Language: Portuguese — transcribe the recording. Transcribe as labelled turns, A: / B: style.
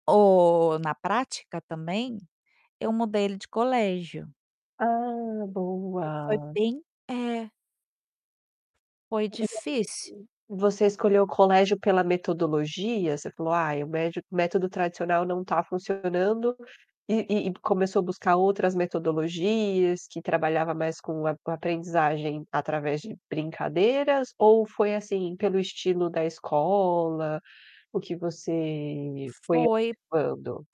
A: Ou na prática também, eu mudei ele de colégio.
B: Ah,
A: E foi
B: boa.
A: bem é. Foi difícil.
B: [unintelligible] Você escolheu o colégio pela metodologia? Você falou: "Ai, o médio o método tradicional não tá funcionando.", e e começou a buscar outras metodologias, que trabalhava mais com a com aprendizagem, através de brincadeiras, ou foi assim, pelo estilo da escola, o que você foi
A: Foi
B: observando?